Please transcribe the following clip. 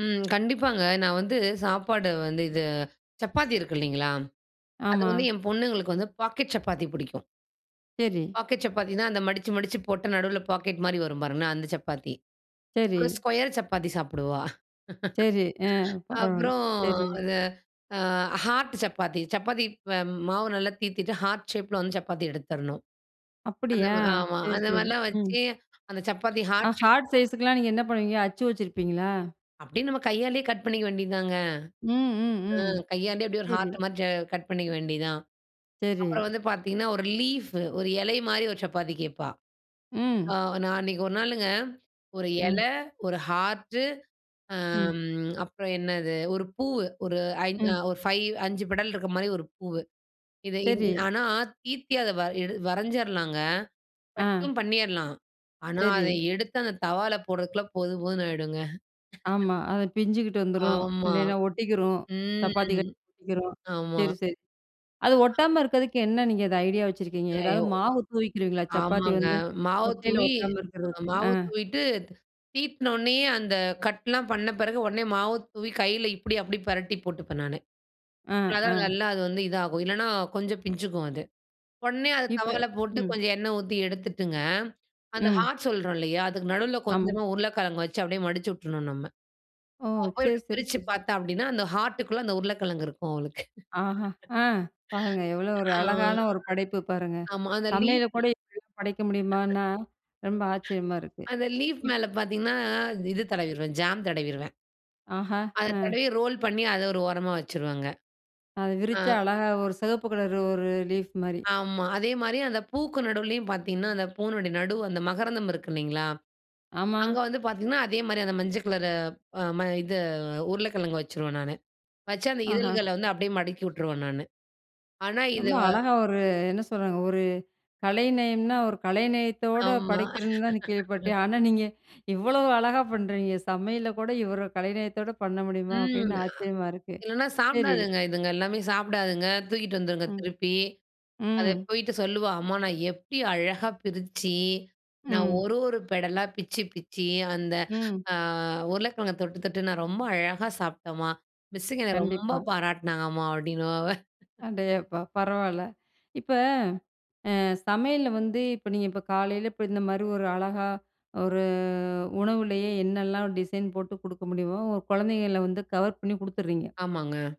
ம். கண்டிப்பாங்க. நான் வந்து சாப்பாடு வந்து இது சப்பாத்தி இருக்கு இல்லங்களா? அது ஆமா. வந்து என் பொண்ணுங்களுக்கு வந்து பாக்கெட் சப்பாத்தி பிடிக்கும். சரி. பாக்கெட் சப்பாத்தினா, அந்த மடுச்சு மடுச்சு போட்டா, நடுவில பாக்கெட் மாரி வரும் பாருங்களேன். அந்த சப்பாத்தி. சரி. ஒரு ஸ்கொயர் சப்பாத்தி சாப்பிடுவா. சரி. ஆ, பரவால்ல. அப்பறம் சரி. இது ஆ, ஹார்ட் சப்பாத்தி. சப்பாத்தி ப்ப மாவு நல்லா தீத்தீட்டு, ஹார்ட் ஷேப்பில வந்து சப்பாத்தி எடுத்தரணும். அந்த அப்படியா! மா ஆமா. சரி, அந்த சரி, மாரிலாம் ம். வச்சு, அந்த சப்பாத்தி ஆ, ஹார்ட் ஷேப் ஹார்ட் சைஸ்க்கெல்லா நீங்க என்ன பண்ணுவீங்க. அச்சு வச்சுருப்பீங்களா? அப்படியே, நம்ம கையாலேயே கட் பண்ணிக்க வேண்டியதுதாங்க. ம். அ, ம். ம். கையாலேயே அப்படியே ஒரு சரி. ஹார்ட் மாரி ஜ கட் பண்ணிக்க வேண்டியது தான். சரி. அப்பறம் வந்து பார்த்தீங்கன்னா, ஒரு லீஃபு ஒரு இலை மாரி ஒரு சப்பாத்தி கேப்பா. ஆ, ம். நான் அன்னைக்கு ஒரு நாளுங்க ஒரு ம். இலை, ஒரு ஹார்டு, ம். ஆம். அப்பறம் என்னது, ஒரு பூவு. ஒரு ஐ அ ம். ஒரு 5 5 பெடல் இருக்கிற மாரி ஒரு பூவு. இதை இந் சரி. ஆனா, தீத்தி அதை வரை எடு வரைஞ்சிறலாங்க. ஆ. கட்டும் பண்ணிறலாம். ஆனா, அதை சரி. எடுத்து அந்த தவால போடறதுக்குள்ள, போதும் போதுன்னு ஆகிடுங்க. ஆமா. அது பிஞ்சுகிட்டு வந்துரும். ஆமா, இல்லைனா, ஒட்டிக்கிரும். சப்பாத்தி கட் ம். ஒட்டிக்கிரும். [unintelligible] ஆமா. சரி, சரி. அது ஒட்டாம இருக்கிறதுக்கு, என்ன நீங்க அது ஐடியா வச்சுருக்கீங்க? எதாவது எயோ மாவு தூவிக்கிருவீங்களா? சப்பாத்தி ஆமாங்க. வந்து மாவ ஒட்டையில, தூவி ஒட்டாம இருக்கிறதுக்கு. ஆ. மாவு தூவிட்டு, தீத்துன உடனேயே அந்த கட்டுல்லாம் பண்ண, பிறகு உடனே மாவ தூவி, கையில இப்படி, அப்படி பெரட்டி போட்டுப்பேன் நானு. ஆ, அதான் ஆ. நல்லா அது வந்து இது ஆகும். இல்லனா, கொஞ்சொ பிஞ்சுக்கும் அது. உடனே அதை இப்ப தவால போட்டு, ம். கொஞ்சோ எண்ணெய் ஊத்தி எடுத்துட்டுங்க, அந்த ம். ஹார்ட் சொல்றோப் இல்லையா? அதுக்கு நடுவுல ஆமா. கொஞ்சமா உருளைக்கிழங்கு வெச்சு அப்படியே மடுச்சு விட்டுறணும் நம்ம. ஓ! அவ போய் சரி, அப்ப‍டி சரி, பிருச்சு சரி. பார்த்தா அப்படினா, அந்த ஹார்ட்க்கு உள்ளே அந்த உருளைக்கிழங்கு இருக்கு அவளுக்கு. ஆஹா! ஆ. பாருங்க. எவ்வளோ ஒரு ஆ, அழகான ஒரு படைப்பு, பாருங்க. ஆமா. அந்த சமையல லீஃப் கூட இப்படி படைக்க முடியுமான்னா, ரொம்ப ஆச்சரியமா இருக்கு. அந்த லீஃப் இப் மேலே பார்த்தீங்கன்னா, ஆ, இது தடவிருவேன், ஜாம் தடவிருவேன். ஆஹா! அதை ஆ. தடவி ரோல் பண்ணி அதை ஒரு ஓரமா வெச்சுருவேங்க. அதை ஆ. விரிச்சா, அழகா ஒரு சிவப்பு கலரு ஒரு லீஃப் மாரி. ஆமா. அதே மாரி அந்த பூக்கு நடுவிலேயும் பார்த்தீங்கன்னா, அந்த பூவு நடு, அந்த மகரந்தம் இருக்கு இல்லைங்களா? ஆமா. அங்க வந்து பார்த்தீங்கன்னா, அதே மாரி அந்த மஞ்சள் கலரு ஆ, ம இது உருளைக்கிழங்கு வெச்சுறுவேன் நானு. வச்சு, அந்த ஆஹா. இதழ்களை வந்து அப்படியே மடக்கி விட்டுருவேன் நானு. ஆனா, ரொம்ப இதுவ அழகா ஒரு என்ன சொல்றாங்க, ஒரு கலைநயம்னா ஒரு கலை நயத்தோட ஆமா. படைக்கிறதுந்தான் கேள்விப்பட்டேன். ஆனா, நீங்க இவ்வளோ அழகா பண்றீங்க! சமையலில கூட இவ்வளோ கலைநயத்தோட பண்ண முடியுமா, ம். அப்படின்னு ஆச்சரியமா இருக்கு. இல்லனா, சரி. சாப்பிடாதுங்க. இதுங்க எல்லாமே சாப்பிடாதுங்க. தூக்கிட்டு வந்துருங்க ம். திருப்பி. அதை ம். போயிட்டு சொல்லுவா, "அம்மா நான் எப்படி அழகா பிருச்சு, நான் ம். ஒரு ஒரு பெடலா பிச்சு பிச்சு, அந்த ம். ஆ, உருளைக்கிழங்கு தொட்டு தொட்டு, நான் ரொம்ப அழகா சாப்பிட்டேன்மா. மிஸ்ஸுங்க என்ன ரொம்ப கண்டிப்பா. பாராட்டினாங்கம்மா," அப்படின்னுவா அவள். அடேயப்பா, பரவால்ல. இப்ப அ சமையல்ல வந்து, இப்ப நீங்க இப்ப காலையில இப்ப இந்த மாரி ஒரு அழகா, ஒரு உணவுலேயே என்னலாம் டிசைன் போட்டு கொடுக்க முடியுமோ, குழந்தைங்கள வந்து கவர் பண்ணி குடுத்துருறீங்க. ஆமாங்க.